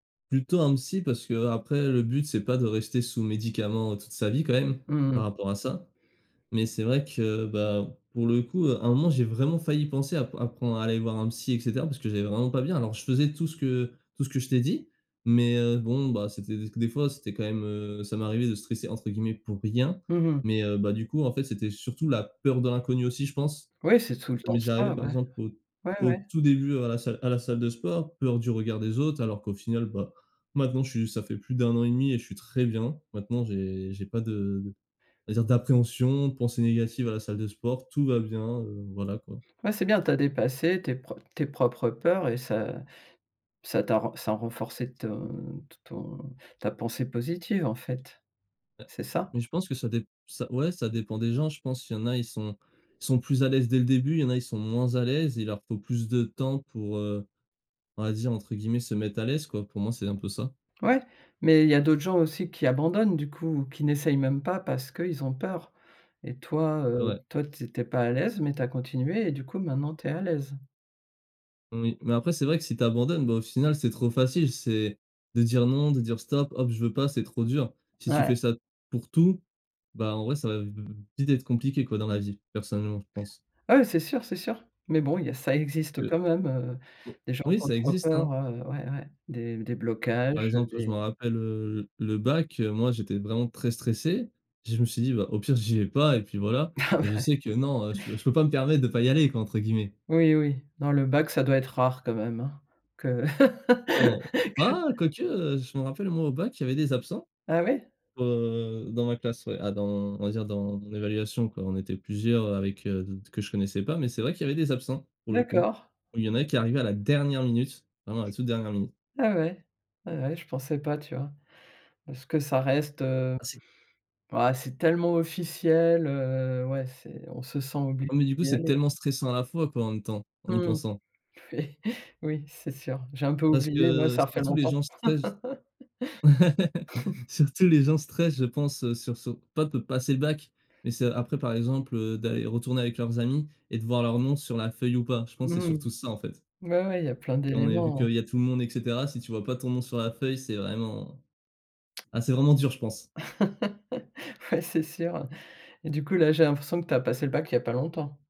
Plutôt un psy parce qu'après le but c'est pas de rester sous médicaments toute sa vie quand même, Mmh par mh. rapport à ça mais c'est vrai que, bah, pour le coup à un moment j'ai vraiment failli penser à p à prendre à aller voir un psy et cetera parce que j'allais vraiment pas bien, alors je faisais tout ce que tout ce que je t'ai dit, mais heu, bon bah, c'était des c des fois c'était quand même, heu ça m'arrivait de «stresser» entre guillemets pour rien, Mmh mh. mais heu bah, du coup en fait c'était surtout la peur de l'inconnu aussi je pense, Ouais, c'est tout le mais temps j'arrivais ça, par ouais, exemple au ouais, au ouais. tout début à la salle à la salle de sport. Peur du regard des autres, alors qu'au final, bah, maintenant je suis ça fait plus d'1 an et 1/2 et je suis très bien. Maintenant, j'ai j'ai pas de va dire, d'appréhension, de pensées négatives à la salle de sport. Tout va bien, heu, voilà quoi. Ouais, c'est bien tu as dépassé tes pro tes propres peurs et ça ça t'a r ça a renforcé ton t ton ta pensée positive en fait. Heu, C'est ça? mais je pense que ça dép ça ouais, ça dépend des gens, je pense. Il y en a ils sont ils sont plus à l'aise dès le début, il y en a ils sont moins à l'aise, ils leur faut plus de temps pour, heu, on va dire entre guillemets «se mettre à l'aise» quoi, pour moi c'est un peu ça. Ouais, mais il y a d'autres gens aussi qui abandonnent du coup, qui n'essayent même pas parce qu'ils ont peur et toi, heu Ouais. toi tu es tu es pas à l'aise mais tu as continué et du coup maintenant tu es à l'aise. Oui mais après c'est vrai que si tu abandonnes, bah, au final c'est trop facile. C'est de dire, non, de dire, stop, hop je veux pas c'est trop dur. Si tu Ouais. fais ça, pour tout, bah, en vrai ça va v v vite être compliqué quoi, dans la vie, personnellement, je pense. Ah ouais, c'est sûr, c'est sûr, mais bon, il y a ça existe, heu, De quand même, heu, bo des gens oui, qui ont ça trop existe, peur, hein. heu ouais, ouais, des des Par blocages, exemple je des m'en rappelle, heu, l le bac moi j'étais vraiment très stressé, je me suis dit: «Bah, au pire, j'y vais pas et puis voilà» Ah mais je ouais. sais que non, heu, je peux je peux pas me permettre de «pas y aller» quoi, entre guillemets. Oui, oui, non le bac ça doit être rare quand même, hein? Que Non. que Ah, quoique, heu, je m'en rappelle moi au bac il y avait des absents, Ah, ouais. heu, dans ma classe, ouais. À dans on va dire dans l'évaluation quoi, on était plusieurs avec d que je connaissais pas, mais c'est vrai qu'il y avait des absents pour le coup, D'accord. il y en a qui arrivaient à la dernière minute, vraiment la toute dernière minute. Ah ouais, ouais, ouais je pensais pas, tu vois? Est-ce que ça reste, heu Ah, c'est ah, c'est tellement officiel, heu, ouais c'est on se sent obligé Ah, mais du coup d'y c'est aller. tellement stressant à la fois quoi, en même temps en y Mmh, pensant. oui. Oui, c'est sûr, j'ai un peu Parce oublié, moi que ça refait surtout les longtemps. gens stressent. Surtout les gens stressent je pense sur ce pas peu passer le bac mais c'est après, par exemple d'aller retourner avec leurs amis et de voir leur nom sur la feuille ou pas. Je pense c'est Mmh. surtout ça en fait. Ouais, ouais il y a plein On est vu d'éléments. qu'il y a tout le monde et cetera, si tu vois? Pas ton nom sur la feuille c'est vraiment ah, c'est vraiment dur, je pense. Ouais, c'est sûr et du coup là, j'ai l'impression que tu as passé le bac il y a pas longtemps?